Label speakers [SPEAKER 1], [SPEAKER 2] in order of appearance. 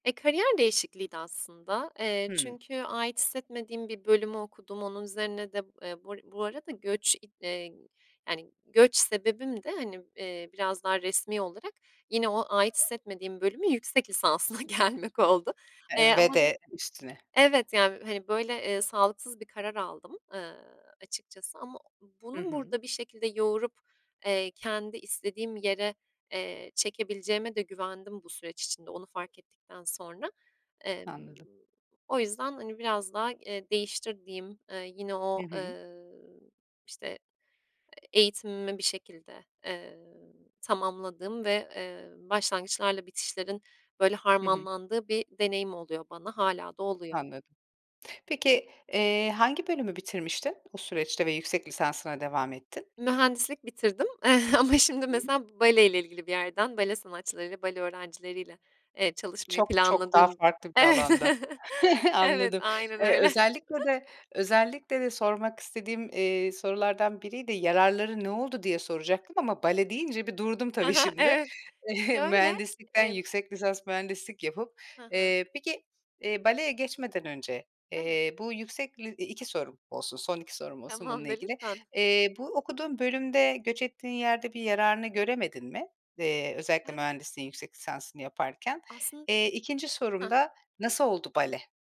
[SPEAKER 1] E, kariyer değişikliğiydi aslında, eee,
[SPEAKER 2] Hımm.
[SPEAKER 1] çünkü ait hissetmediğim bir bölümü okudum. Onun üzerine de, eee, bur bu arada göç, i eee, yani, göç sebebim de hani, eee, biraz daha resmî olarak yine o ait hissetmediğim bölümün yüksek lisansına gelmek oldu. Eee,
[SPEAKER 2] Eee, ve
[SPEAKER 1] ama de
[SPEAKER 2] de üstüne.
[SPEAKER 1] Evet, yani, hani, böyle, eee, sağlıksız bir karar aldım, eee, açıkçası ama o
[SPEAKER 2] Hı
[SPEAKER 1] bunu
[SPEAKER 2] hı.
[SPEAKER 1] burada bir şekilde yoğurup, eee, kendi istediğim yere, eee, çekebileceğime de güvendim bu süreç içinde, onu fark ettikten sonra. Emm,
[SPEAKER 2] Anladım.
[SPEAKER 1] o yüzden, hani, biraz daha, eee, değiştirdiğim, eee, yine o,
[SPEAKER 2] Hı hı.
[SPEAKER 1] eee, işte, eğitimimi bir şekilde, eee, tamamladığım ve, eee, başlangıçlarla bitişlerin, böyle,
[SPEAKER 2] Hı hı.
[SPEAKER 1] harmanlandığı bir deneyim oluyor bana, hâlâ da oluyor.
[SPEAKER 2] Anladım. Peki, eee, hangi bölümü bitirmiştin bu süreçte ve yüksek lisansına devam ettin?
[SPEAKER 1] Mühendislik bitirdim ama
[SPEAKER 2] Hı
[SPEAKER 1] şimdi
[SPEAKER 2] hı.
[SPEAKER 1] mesela bale ile ilgili bir yerden, bale sanatçılarıyla, bale öğrencileriyle evet, çalışmayı
[SPEAKER 2] Çok, çok daha
[SPEAKER 1] planladığım.
[SPEAKER 2] farklı bir alanda.
[SPEAKER 1] Evet,
[SPEAKER 2] Anladım.
[SPEAKER 1] aynen
[SPEAKER 2] Eee,
[SPEAKER 1] öyle.
[SPEAKER 2] özellikle de özellikle de sormak istediğim, eee, sorulardan biriydi, "Yararları ne oldu?" diye soracaktım ama bale deyince bir durdum
[SPEAKER 1] He
[SPEAKER 2] tabii
[SPEAKER 1] he,
[SPEAKER 2] şimdi,
[SPEAKER 1] evet. Şöyle,
[SPEAKER 2] mühendislikten
[SPEAKER 1] emm
[SPEAKER 2] yüksek lisans mühendislik yapıp.
[SPEAKER 1] Hı hı.
[SPEAKER 2] Eee, peki, eee, baleye geçmeden önce,
[SPEAKER 1] Evet.
[SPEAKER 2] eee, bu yüksek li 2 sorum olsun, son 2 sorum olsun bununla
[SPEAKER 1] Tamamdır,
[SPEAKER 2] ilgili.
[SPEAKER 1] lütfen.
[SPEAKER 2] Eee, bu okuduğun bölümde göç ettiğin yerde bir yararını göremedin mi? Eee, özellikle
[SPEAKER 1] Hem
[SPEAKER 2] mühendisliğin yüksek lisansını yaparken.
[SPEAKER 1] Aslında
[SPEAKER 2] Eee, 2'nci sorum
[SPEAKER 1] Heh.
[SPEAKER 2] da nasıl oldu bale?